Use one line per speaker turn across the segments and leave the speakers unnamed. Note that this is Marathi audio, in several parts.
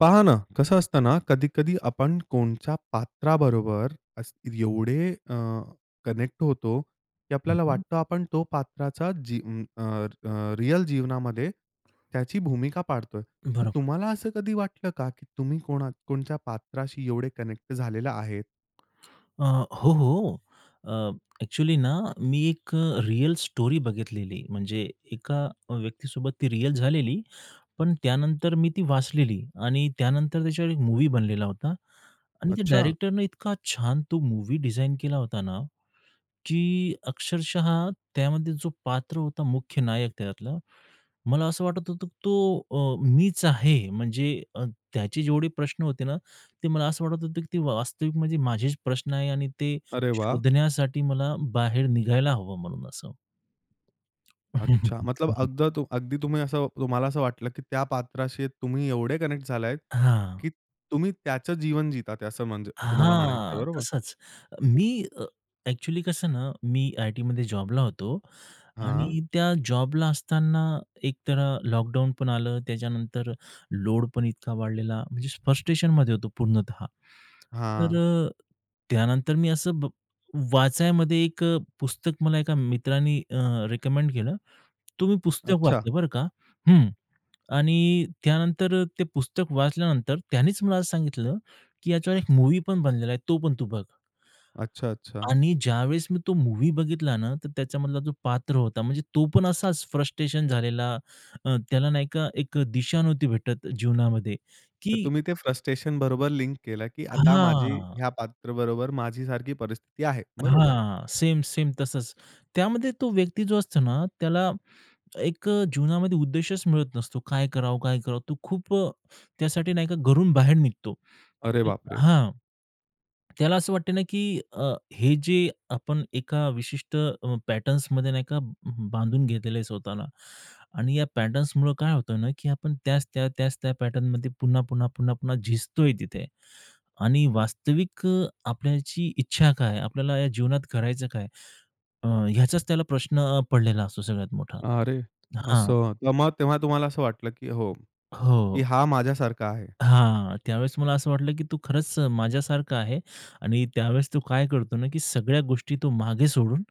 पहा ना. कसं असतं ना? कधी-कधी आपण कोणत्या पात्राबरोबर अस्त्री एवढे अ, कनेक्ट होतो की
हं,
आपल्याला
हं.
वाटतं आपण त्या पात्राची जी अ, अ, रिअल जीवनामध्ये त्याची भूमिका पाडतोय. तर
बरोबर.
तुम्हाला असं कधी वाटलं का, की तुम्ही कोणा कोणच्या पात्राशी एवढे कनेक्ट झालेले आहेत?
अ, हो, हो. अ, ॲक्चुअली ना मी एक अ, रिअल स्टोरी बघितलेली म्हणजे एका अ, व्यक्तीसोबत ती रिअल झालेली. पण त्यानंतर मी ती वाचलेली आणि त्यानंतर त्याच्यावर एक मूव्ही बनलेला होता. आणि त्या
अच्छा.
डायरेक्टरने इतका छान तो मूव्ही डिझाइन केला होता ना की अक्षरशः त्यामध्ये जो पात्र होता मुख्य नायक त्याच्यातला, मला असं वाटत होतं की तो अ, मीचं आहे. म्हणजे अ, त्याचे जेवढे प्रश्न होते ना. ते मला असं वाटत होतं की वा वास्तविक म्हणजे माझेचं प्रश्न आहे आणि ते
अरे वाह!
शोधण्यासाठी मला बाहेर निघायला हवं म्हणून असं.
अच्छा. मतलब अगद अगदी तुम्ही असं तुम्हाला असं वाटलं की त्या पात्राशी तुम्ही एवढे कनेक्ट झाला आहेत
हां.
की तुम्ही त्याचं जीवन जीतात आहेत असं म्हणजे तुम्हाला म्हणायचंय.
हां.
बरोबर?
तसचं. मी अ, ॲक्चुअली कसं ना. मी आयटीमध्ये जॉबला होतो
हां.
आणि त्या जॉबला असताना एकतर अ, लॉकडाउन पण आलं. त्याच्यानंतर लोड पण इतका वाढलेला म्हणजे फ्रस्ट्रेशनमध्ये होतो पूर्णतः. तर
हां.
अ, त्यानंतर मी असं ब वाचायामध्ये एक अ, पुस्तक मला एका मित्राने अ, रिकमेंड केलं. तो मी पुस्तक
अच्छा.
वाचलं बरं का, हं. आणि त्यानंतर अ, ते पुस्तक वाचल्यानंतर त्यांनीच मला सांगितलं की याच्यावर एक मूव्ही पण बनलेला आहे तो पण तू बघ.
अच्छा, अच्छा.
आणि ज्यावेळेस मी तो मूव्ही बघितला ना तर त्याच्यामधला जो पात्र होता म्हणजे तो पण असाचं फ्रस्ट्रेशन झालेला. अ, त्याला नाही का एक दिशा नव्हती भेटतं जीवनामध्ये
तर
की
तुम्ही ते फ्रस्ट्रेशन बरोबर लिंक केलं की आता माझी
हां.
ह्या पात्राबरोबर माझी सारखी परिस्थिती आहे. बरोबर.
हां. सेम-सेम तसचं. त्यामध्ये तो व्यक्ती जो असतो ना त्याला एक अ, जीवनामध्ये उद्देशचं मिळत नसतो. काय करावं? काय करावं? तो खूप अ, त्यासाठी नाही का घरून बाहेर निघतो.
अरे बापरे!
हां. त्याला असं वाटतं ना की अ, हे जे आपण एका विशिष्ट अ, पॅटर्न्समध्ये नाही का ब बांधून घेतलेलं आहे स्वतःला आणि या पॅटर्न्समुळे काय होतं ना की आपण त्याच त्या, त्याच त्या पॅटर्नमध्ये पुन्हा, पुन्हा, पुन्हा, पुन्हा झिजतोय तिथे. आणि वास्तविक अ, आपल्याची इच्छा काय? आपल्याला या जीवनात करायचं काय? अ, ह्याचाचं त्याला प्रश्न अ, पडलेला असतो सगळ्यात मोठा.
अरे,
हां.
असं. तर मग तेव्हा तुम्हाला असं वाटलं की हो, की
हो.
हा माझ्यासारखा आहे.
हां. त्यावेळेस मला असं वाटलं की तो खरचं अ, माझ्यासारखा आहे आणि त्यावेळेस तो काय करतो ना की सगळ्या गोष्टी तो मागे सोडून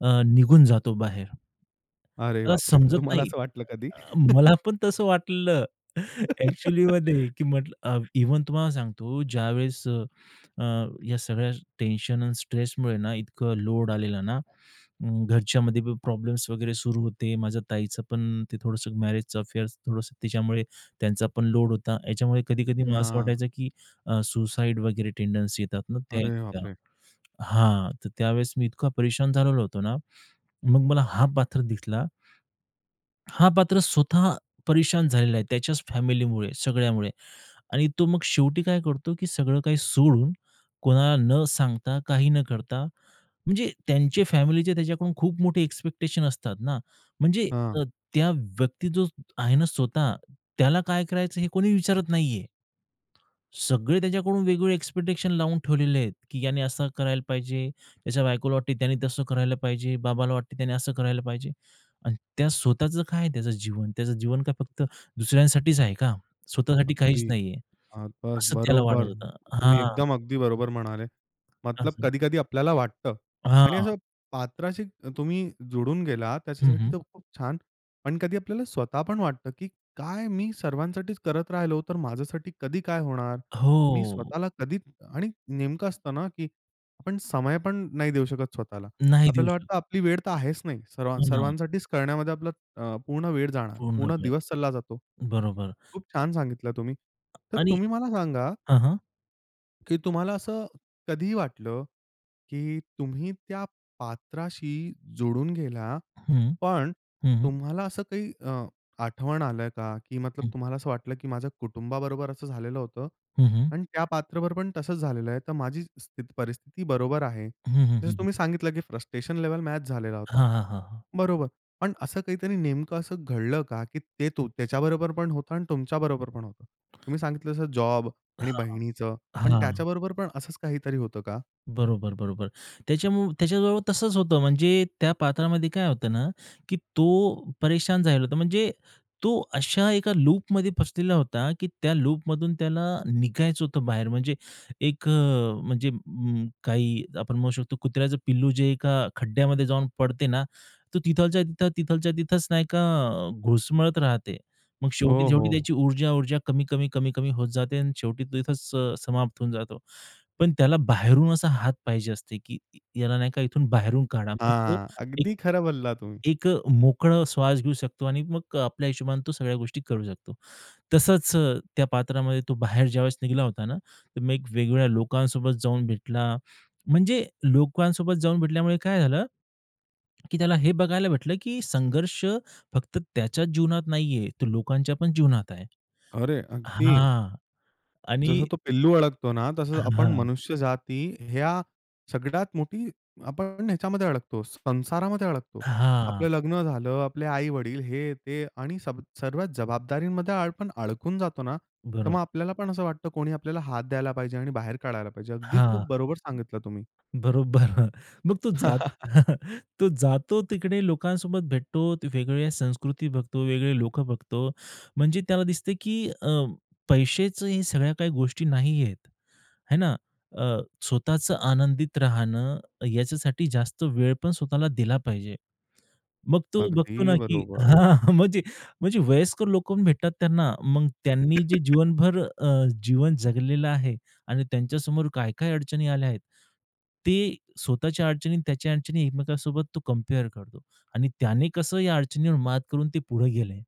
अ, निघून जातो बाहेर.
अरे
मला
बापरे! तर
समजत
तुम्हाला
नाही
असं वाटलं कधी?
अ मला पण तसं वाटलेलं ॲक्चुअलीमध्ये की म्हटलं अ, इव्हन तुम्हाला सांगतो ज्यावेळेस अ, अ, या सगळ्या टेन्शन आणि स्ट्रेसमुळे ना इतकं लोड आलेला ना. म्म, घरच्यामध्ये प्रॉब्लेम्स वगैरे सुरू होते. माझ्या ताईचं पण ते थोडंसं मॅरेजचं अफेअर थोडंसं तिच्यामुळे त्यांचा पण लोड होता. याच्यामुळे कधी-कधी मला असं
हां.
वाटायचं की अ, सुसाईड वगैरे टेंडन्सी येतात ना त्या येत
अरे
होत्या.
बापरे!
हां, तर त्यावेळेस मी इतका परेशान झालेलो होतो ना, मग मला हा पात्र दिसला. हा पात्र स्वतः परेशान झालेला आहे त्याच्याच फॅमिलीमुळे, सगळ्यामुळे आणि तो मग शेवटी काय करतो? की सगळं काही सोडून कोणाला न सांगता, काही न करता म्हणजे त्यांचे फॅमिलीचे त्याच्याकडून खूप मोठे एक्सपेक्टेशन असतात ना म्हणजे
हां.
अ, त्या व्यक्ती जो आहे ना स्वतः त्याला काय करायचं हे कोणी विचारत नाहीये. सगळे त्याच्याकडून वेगवेगळे एक्सपेक्टेशन लावून ठेवलेले आहेत की याने असं करायला पाहिजे, त्याच्या बायकोला वाटते की त्यांनी तसं करायला पाहिजे, बाबाला वाटतं त्याने असं करायला पाहिजे आणि त्या स्वतःचं काय आहे त्याचं जीवन? त्याचं जीवन काय, फक्त दुसऱ्यांसाठीचं आहे का? स्वतःसाठी काहीचं
अगदी.
नाहीये.
अ, बसं,
असं त्याला वाटत
बरोबर.
होतं.
तुम्ही
हां.
एकदम अगदी बरोबर म्हणाले, मतलब
असं.
कधी-कधी आपल्याला वाटतं आणि
हां.
असं पात्राशी त तुम्ही जोडून गेला,
हं,
त्याच्यासाठी
हं.
तर खूप छानं. पण कधी आपल्याला स्वतः पण वाटतं की काय मी सर्वांसाठीचं करत राहिलो, तर माझ्यासाठी कधी काय होणार? मी
हो.
स्वतःला कधी आणि नेमकं असतं ना की आपण समय पण नाही देऊ शकत स्वतःला.
नाही देऊ
आपल्याला
शकत.
वाटतं आपली वेळ तर आहेचं नाही सर्व
पुन्हा.
सर्वांसाठीचं करण्यामध्ये आपला अ, पूर्ण वेळ जाणार.
पूर्ण
पूर्ण
वेळ.
दिवस सरला जातो.
बरोबर.
खूप छानं सांगितलं तुम्ही. तर
आणि
तुम्ही मला सांगा
हं, हं.
की तुम्हाला असं कधी वाटलं, की तुम्ही त्या पात्राशी जोडून गेला.
हं,
पण
हं, हं.
तुम्हाला असं काही अ, आठवण आल का? की मतलब
हं.
तुम्हाला असं वाटलं, की माझ्या कुटुंबाबरोबर असं झालेलं होतं
हं, हं.
आणि त्या पात्राबरोबर पण तसच झालेलं आहे. तर माझी स्थित परिस्थिती बरोबर आहे.
हं, हं,
जसं
हं, हं.
तुम्ही सांगितलं, की फ्रस्ट्रेशन लेव्हल मॅच झालेला होता.
हां, हां, हां, हां.
बरोबर. पण असं काहीतरी नेमकं असं घडलं का? की ते तू त्याच्याबरोबर पण होतं आणि तुमच्याबरोबर पण होतं. तुम्ही सांगितलं तसं जॉब
हां,
आणि बहिणीचं,
हां.
पण
हां.
त्याच्याबरोबर पण असंच काहीतरी होतं का?
बरोबर, बरोबर. त्याच्यामुळ त्याच्याजवळ तसंच होतं. म्हणजे त्या पात्रामध्ये काय होतं ना, की तो परेशान झालला होता. म्हणजे तो अशा एका लूपमध्ये फसलेला होता, की त्या लूपमधून त्याला निघायचं होतं बाहेर, म्हणजे एक अ, म्हणजे उम्म, काही आपण म्हणू शकतो कुत्र्याचं पिल्लू जे एका खड्ड्यामध्ये जाऊन पडते ना, तो तिथल्या तिथं तिथल्या तिथंच नाही का, घुटमळत राहते. मग
हो,
शेवटी-शेवटी
हो.
त्याची ऊर्जा ऊर्जा कमी-कमी, कमी-कमी होत जाते आणि शेवटी तो तिथंच अ, समाप्त होऊन जातो. पण त्याला बाहेरून असा हात पाहिजे असते, की याला नाही का इथून बाहेरून काढा. मग तो
हां,
एक
अगदी खरं बोलला तुम्ही.
एक अ, मोकळा श्वास घेऊ शकतो आणि मग आपल्या हिशोबाने तो सगळ्या गोष्टी करू शकतो. तसंच त्या पात्रामध्ये तो बाहेर ज्यावेळेस निघाला होता ना, मग एक वेगवेगळ्या लोकांसोबत जाऊन भेटला, म्हणजे लोकांसोबत जाऊन भेटल्यामुळे काय झालं, की त्याला हे बघायला भेटलं की संघर्ष फक्त त्याच्याच जीवनात नाही आहे, तो लोकांच्या पण जीवनात आहे
अरे! अगदी.
हां आणि
जसं तो पिल्लू अडकतो ना, तसंच
हां,
आपण
हां.
मनुष्य जाती ह्या सगळ्यात मोठी आपण ह्याच्यामध्ये अडकतोच, संसारामध्ये अडकतो.
हां.
आपलं लग्न झालं. आपले आई-वडील. हे, ते आणि सब सर्व जबाबदारीमध्ये आपण अडकून जातो ना, तर
बरो
मग आपल्याला पण असं वाटतं, कोणी आपल्याला हात द्यायला पाहिजे आणि बाहेर काढायला पाहिजे. अगदी
हां.
खूप बरोबर सांगितलं तुम्ही.
बरोबर. मग तो जात तो जातो तिकडे लोकांसोबत भेटतो, वेगवेगळ्या संस्कृती बघतो, वेगवेगळे लोकं बघतो. म्हणजे त्याला दिसतं, की अ, पैशेच हे या सगळ्या काही गोष्टी नाही आहेत, आहे ना. अ, स्वतःचं आनंदित राहणं, याच्यासाठी जास्त वेळ पण स्वतःला दिला पाहिजे. मग तो बघतो ना,
अगदी
की
बरोबर.
हां. म्हणजे म्हणजे वयस्कर लोकं पण भेटतात त्यांना. मग त्यांनी जे जीवनभर अ, जीवन जगलेलं आहे आणि त्यांच्यासमोर काय-काय अडचणी आल्या आहेत. ते स्वतःच्या अडचणी आणि त्याच्या अडचणी एकमेकांसोबत तो कंपेअर करतो आणि त्याने कसं या अडचणीवर मात करून ते पुढे गेले,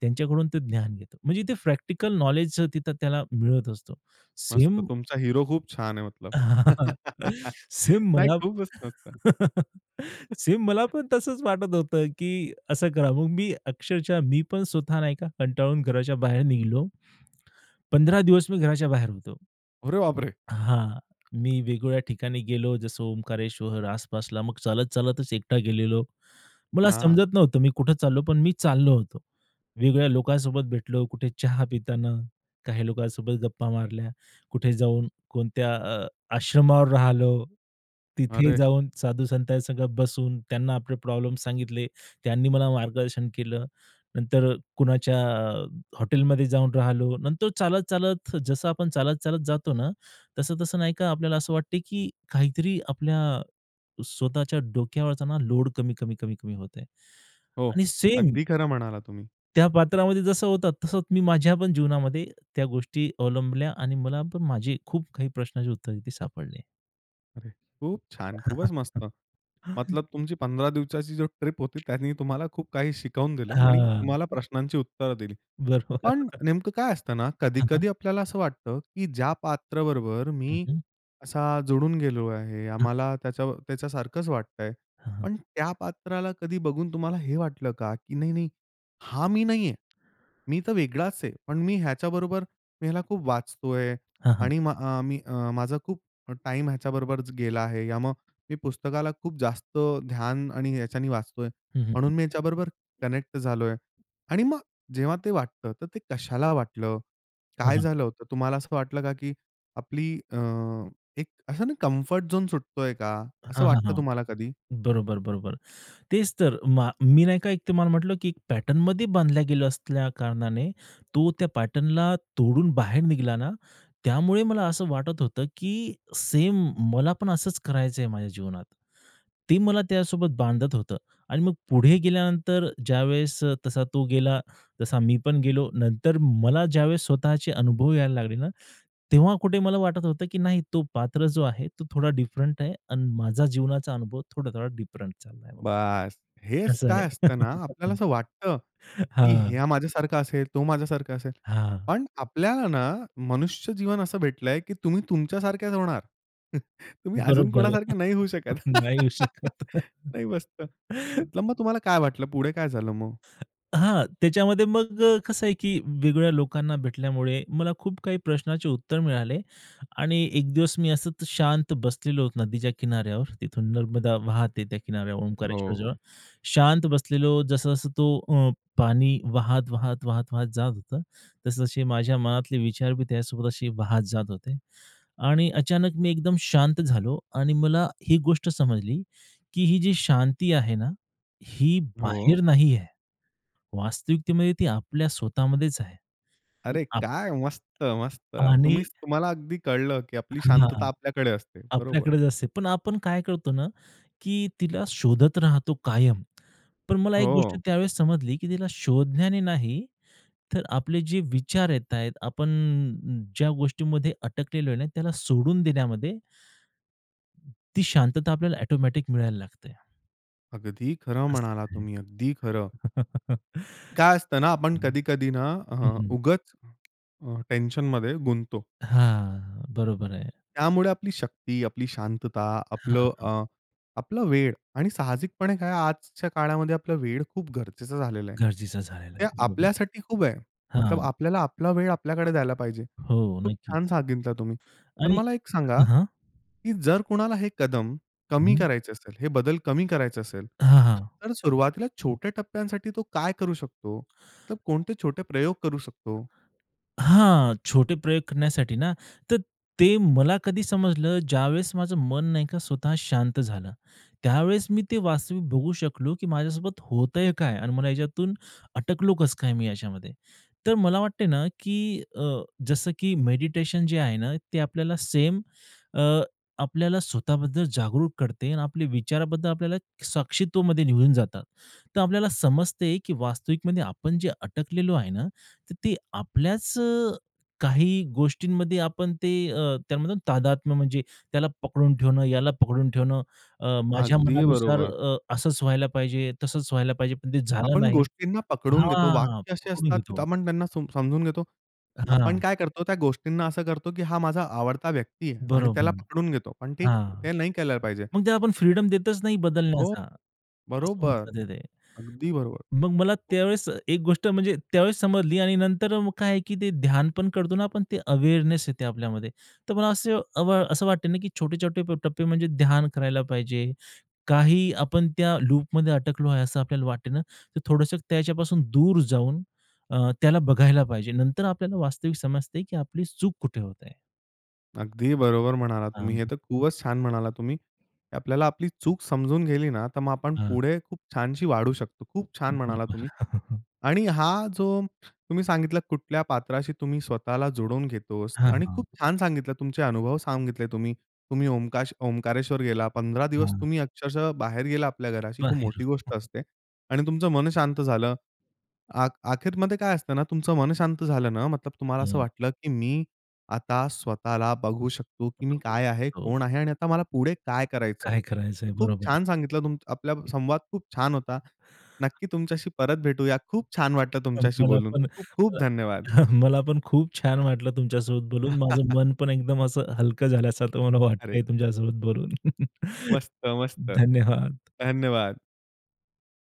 त्यांच्याकडून ते ज्ञान घेतो. म्हणजे ते प्रॅक्टिकल नॉलेजच तिथं त्याला मिळत असतो.
मस्त.
सेम
तुमचा हिरो खूप छान आहे मतलब.
सेम
नाही,
मला
खूपच मस्त.
सेम मला पण तसंच वाटत होतं, की असं करा. मग मी अक्षरशः मी पण स्वतः नाही का कंटाळून घराच्या बाहेर निघालो. 15 दिवस मी घराच्या बाहेर होतो.
अरे बाप रे!
हां, मी वेगवेगळ्या ठिकाणी गेलो, जसं ओंकारेश्वर आसपासला. मग चालत-चालतच एकटा गेलेलो. मला
हां.
समजत नव्हतं मी कुठे चाललो, पण मी चाललो होतो. वेगवेगळ्या लोकांसोबत भेटलो. कुठे चहा पिताना काही लोकांसोबत गप्पा मारल्या. कुठे जाऊन कोणत्या अ, आश्रमावर राहिलो. तिथे
अरे!
जाऊन साधू संतांच्या संगत बसून त्यांना आपले प्रॉब्लेम सांगितले. त्यांनी मला मार्गदर्शन केलं. नंतर कुणाच्या अ, हॉटेलमध्ये जाऊन राहिलो. नंतर चालत-चालत जसं आपण चालत-चालत जातो ना, तसं-तसं नाही का, आपल्याला असं वाटतं, की काहीतरी आपल्या अ, स्वतःच्या डोक्यावरचा लोड कमी-कमी, कमी-कमी होत आहे
हो,
आणि सेम
अगदी खरं म्हणालात तुम्ही.
त्या पात्रामध्ये जसं होतं, तसंच मी माझ्या पण जीवनामध्ये त्या गोष्टी अवलंबल्या आणि मला पण माझे खूप काही प्रश्नाचे उत्तरं ते सापडले.
अरे! खूप छान. खूपच मस्त. मतलब तुमची 15 दिवसाची जी ट्रिप होती त्यानी तुम्हाला खूप काही शिकवून दिलं आणि
हां.
तुम्हाला
हं.
प्रश्नांची उत्तरं दिली. पण
बरोबर.
नेमकं काय असतं ना
हं, हं.
कधी-कधी आपल्याला असं वाटतं, की ज्या पात्र बरोबर
हं,
मी
हं.
असा जुडून गेलो आहे.
हं.
आम्हाला त्याच्या त्याच्यासारखंच वाटतंय.
हं.
पण त्या पात्राला कधी बघून तुम्हाला हे वाटलं का, की नाही, नाही हा मी नाही आहे. मी तर वेगळाच आहे, पण मी ह्याच्याबरोबर मी ह्याला खूप वाचतोय
हां, हां.
आणि म मी अ, माझा खूप टाईम ह्याच्याबरोबरच गेला आहे या मग मी पुस्तकाला खूप जास्त ध्यान आणि ह्याच्याने वाचतोय,
हं, हं, हं.
म्हणून मी ह्याच्याबरोबर कनेक्ट झालोय. आणि मग जेव्हा ते वाटतं तर ते कशाला वाटलं?
हां,
काय
हां.
झालं होतं? तुम्हाला असं वाटलं का, की आपली अ, एक असं नाही कम्फर्ट झोन सुटतोय का? असं
हां, हां,
वाटतं
हां.
तुम्हाला कधी?
बरोबर, बरोबर. तेच तर. मा मी नाही का एक तुम्हाला म्हटलं, की एक पॅटर्नमध्ये बांधल्या गेल्या असल्या कारणाने, तो त्या पॅटर्नला तोडून बाहेर निघला ना, त्यामुळे मला असं वाटत होतं, की सेम मला पण असच करायचं आहे माझ्या जीवनात. ते मला त्यासोबत बांधत होतं. आणि मग पुढे गेल्यानंतर ज्यावेळेस तसा तो गेला, तसा मी पण गेलो. नंतर मला ज्यावेळेस स्वतःचे अनुभव यायला लागले ना, तेव्हा कुठे मला वाटत होतं, की नाही तो पात्र जो आहे, तो थोडा डिफरंट आहे आणि माझा जीवनाचा अनुभव थोडा-थोडा डिफरंट चालला आहे.
बस! हेच
असं
काय
आहे.
असतं ना आपल्याला असं वाटतं, की
हा.
ह्या माझ्यासारखा असेल, तो माझ्यासारखा असेल.
हां.
पण आपल्याला ना मनुष्य जीवन असं भेटलंय, की तुम्ही तुमच्या सारखेच होणार. तुम्ही अजून
बरोबर आहे.
कोणासारखं नाही होऊ शकत.
नाही येऊ शकत.
नाही, मस्त. मतलब मग तुम्हाला काय वाटलं पुढे काय झालं मग?
हां. त्याच्यामध्ये मग कसं आहे, की वेगवेगळ्या लोकांना भेटल्यामुळे, मला खूप काही प्रश्नाचे उत्तर मिळाले आणि एक दिवस मी असंच शांत बसलेलो होतो नदीच्या किनाऱ्यावर. तिथून नर्मदा वाहते त्या किनाऱ्यावर
हो,
ओंकारेश्वरजवळ.
हो.
शांत बसलेलो, जसं-जसं तो अ, पाणी वाहत, वाहत, वाहत, वाहत जात होतं, तसं तसे माझ्या मनातले विचार बी त्यासोबत असे वाहत जात होते आणि अचानक मी एकदम शांत झालो आणि मला एक गोष्ट समजली, की ही जी शांती आहे ना, ही
हो.
बाहेर नाही आहे. वास्तविकतेमध्ये ती आपल्या स्वतः मध्येच आहे.
अरे
आप
काय! मस्त, मस्त.
आणि
तुम्हीच तुम्हाला अगदी कळलं, की आपली शांतता
हां.
आपल्याकडे असते, बरोबर.
आपल्याकडेच असते. पण आपण काय करतो ना, की तिला शोधत राहतो कायम. पण मला एक गोष्ट
हो.
त्यावेळेस समजली, की तिला शोधण्याने नाही, तर आपले जे विचार येतायेत आपण ज्या गोष्टींमध्ये अटकलेलो आहे ना, त्याला सोडून देण्यामध्ये ती शांतता आपल्याला ऑटोमॅटिक मिळायला लागते.
अगदी खरं
असं
म्हणाला
आहे.
तुम्ही. अगदी खरं. काय असतं ना आपण
हं,
कधी-कधी ना
हं,
हां,
हं.
उगाच अ, टेन्शनमध्ये गुंततो.
हां, बरोबर आहे.
त्यामुळे आपली शक्ती, आपली शांतता,
हां,
आपलं
हां.
अ, आपला वेळ आणि साहजिकपणे काय आजच्या काळामध्ये आपला वेळ खूप गरजेचं झालेलं आहे.
गरजेचा झालेला
ते
आहे. बरोबर.
आपल्यासाठी खूप आहे. मतलब
हां.
आपल्याला आपला वेळ आपल्याकडे द्यायला पाहिजे.
हो,
खूप छान
नक्कीच.
सांगितलं तुम्ही. तर
आणि
मला एक सांगा,
हां, हां.
की जर कोणाला हे कदम कमी
हम्म.
करायचं असेल, हे बदल कमी करायचे असेल
हां, हां.
तर सुरुवातीला छोट्या टप्प्यांसाठी तो काय करू शकतो? तर कोणते छोटे प्रयोग करू शकतो?
हां, छोटे प्रयोग करण्यासाठी ना तर ते मला कधी समजलं ज्यावेळेस माझं मन नाही का स्वतः शांत झालं. त्यावेळेस मी ते वास्तविक बघू शकलो की माझ्यासोबत होत आहे काय आणि मला याच्यातून अटकलो कसं काय मी याच्यामध्ये. तर मला वाटत आहे ना की अ, जसं की मेडिटेशन जे आहे ना ते आपल्याला सेम अ, आपल्याला स्वतःबद्दल जागरूक करते आणि आपले विचाराबद्दल आपल्याला साक्षित्वामध्ये निघून जातात. तर आपल्याला समजते की वास्तविकमध्ये आपण जे अटकलेलो आहे ना तर ते आपल्याच अ, काही गोष्टींमध्ये आपण ते अ, त्यामधून तादात्म म्हणजे त्याला पकडून ठेवणं याला पकडून ठेवणं अ, माझ्या
अगदी
मनानुसार
बरोबर.
अ, असंच व्हायला पाहिजे, तसंच व्हायला पाहिजे, पण ते झालं
आपण
नाही
गोष्टींना पकडून घेतो.
हां,
वाक्य असे
पकडून
असतात की
घेतो.
आपण त्यांना सम समजून घेतो. आपण
हां.
काय करतो त्या गोष्टींना असं करतो, की हा माझा आवडता व्यक्ती आहे आणि
बरोबर
त्याला पकडून घेतो. पण ठीक
हां,
ते नाही केलं पाहिजे.
मग ते आपण फ्रीडम देतच नाही
हो,
बदलण्याचा असं होऊन
बरोबर,
जातं ते.
अगदी बरोबर.
मग मला त्यावेळेस एक गोष्ट म्हणजे त्यावेळेस समजली आणि नंतर मग काय आहे की ते ध्यान पण करतो ना पण ते अवेअरनेस येते आपल्यामध्ये. तर मला असं असं अ, वाटते ना की छोटे-छोटे टप्पे म्हणजे ध्यान करायला पाहिजे, काही आपण त्या लूपमध्ये अटकलो आहे असं आपल्याला वाटते ना, तर थोडंसं त्याच्यापासून दूर जाऊन अ, त्याला बघायला पाहिजे नंतर आपल्याला वास्तविक समजते की आपली चूक कुठे होत आहे.
अगदी बरोबर म्हणालात तुम्ही.
हां.
हे तर खूपच छान म्हणालात तुम्ही. आपल्याला आपली चूक समजून गेली ना, तर मग आपण
हां.
पुढे खूप छानशी वाढू शकतो. खूप छान म्हणालात
[unintelligible]
तुम्ही. आणि हा जो तुम्ही सांगितला कुठल्या पात्राशी तुम्ही स्वतःला जोडून घेतोस
हां,
आणि
हां.
खूप छान सांगितलं तुमचे अनुभव सांगितले तुम्ही. तुम्ही ओंकाश ओंकारेश्वर गेला 15 दिवस
हां.
तुम्ही अक्षरशः बाहेर गेला आपल्या घराशी खूप
बाहेरून.
मोठी गोष्ट असते आणि तुमचं मन शांत झालं. अ अखेरमध्ये काय असतं ना तुमचं मन शांत झालं ना मतलब तुम्हाला असं
हं.
वाटलं की मी आता स्वतःला बघू शकतो की मी काय आहे,
हो.
कोण आहे आणि आता मला पुढे काय करायचं?
काय करायचंय?
मी खूप
बरोबर.
छान सांगितलं तुम आपला
हं.
संवाद खूप छान होता. नक्की तुमच्याशी परत भेटूया. खूप छान वाटलं
अ,
तुमच्याशी
मला
बोलून.
पण
खूप खूप
अ,
धन्यवाद.
मला पण खूप छान वाटलं तुमच्यासोबत बोलून. माझं मन पण एकदम असं हलकं झाल्यासारखं मला
अरे.
वाटतंय तुमच्यासोबत बोलून.
मस्त, मस्त.
धन्यवाद.
धन्यवाद.